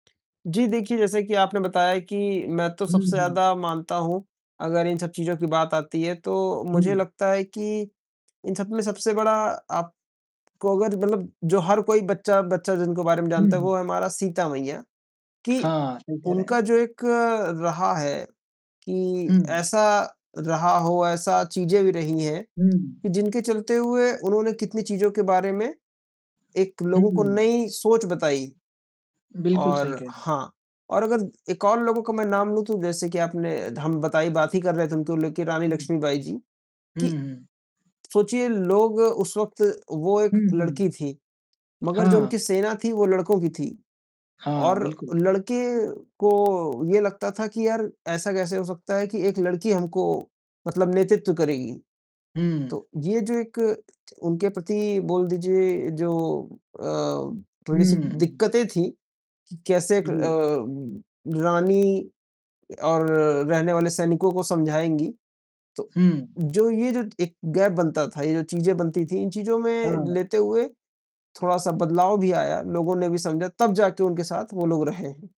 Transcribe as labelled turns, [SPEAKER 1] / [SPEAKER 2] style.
[SPEAKER 1] जी देखिए, जैसे कि आपने बताया कि मैं तो
[SPEAKER 2] हुँ,
[SPEAKER 1] सबसे
[SPEAKER 2] हुँ।
[SPEAKER 1] ज़्यादा मानता हूँ अगर इन सब चीज़ों की बात आती है, तो मुझे
[SPEAKER 2] हुँ।
[SPEAKER 1] लगता है कि इन सबमें सबसे बड़ा आप को अगर मतलब जो हर कोई बच्चा-बच्चा जिनके बारे में
[SPEAKER 2] हुँ,
[SPEAKER 1] जानता है
[SPEAKER 2] हुँ।
[SPEAKER 1] वो है हमारा सीता मैया, कि
[SPEAKER 2] हाँ, सही कह रहे हैं।
[SPEAKER 1] उनका जो एक रहा है कि
[SPEAKER 2] हुँ।
[SPEAKER 1] ऐसा रहा हो, ऐसा चीज़ें भी रही हैं,
[SPEAKER 2] हुँ।
[SPEAKER 1] कि जिनके चलते हुए उन्होंने कितनी चीज़ों के बारे में एक
[SPEAKER 2] हुँ,
[SPEAKER 1] लोगों को
[SPEAKER 2] हुँ।
[SPEAKER 1] नई सोच बताई
[SPEAKER 2] बिल्कुल सही
[SPEAKER 1] और
[SPEAKER 2] कह रहे हैं।
[SPEAKER 1] हाँ, और अगर एक और लोगों का मैं नाम लूँ तो जैसे कि आपने धम बताई बात ही कर रहे थे उनको लेकर रानी
[SPEAKER 2] हुँ।
[SPEAKER 1] लक्ष्मीबाई जी कि
[SPEAKER 2] हुँ, हुँ।
[SPEAKER 1] सोचिए लोग उस वक़्त वो 1
[SPEAKER 2] हुँ, हुँ।
[SPEAKER 1] लड़की थी, मगर जो
[SPEAKER 2] हाँ।
[SPEAKER 1] उनकी सेना थी वो लड़कों की थी
[SPEAKER 2] हाँ,
[SPEAKER 1] और
[SPEAKER 2] बिल्कुल।
[SPEAKER 1] लड़के को ये लगता था कि, "यार ऐसा कैसे हो सकता है कि एक लड़की हमको मतलब नेतृत्व करेगी।"
[SPEAKER 2] हुँ।
[SPEAKER 1] तो ये जो एक उनके प्रति बोल दीजिए जो अ, थोड़ी-सी
[SPEAKER 2] हुँ।
[SPEAKER 1] दिक्कतें थी कि कैसे क
[SPEAKER 2] जी।
[SPEAKER 1] अ, रानी और रहने वाले सैनिकों को समझाएँगी। तो
[SPEAKER 2] हुँ।
[SPEAKER 1] जो ये जो 1 गैप बनता था, ये जो चीज़ें बनती थी, इन चीज़ों में
[SPEAKER 2] हाँ।
[SPEAKER 1] लेते हुए थोड़ा-सा बदलाव भी आया, लोगों ने भी समझा तब जाके उनके साथ वो लोग रहे हैं।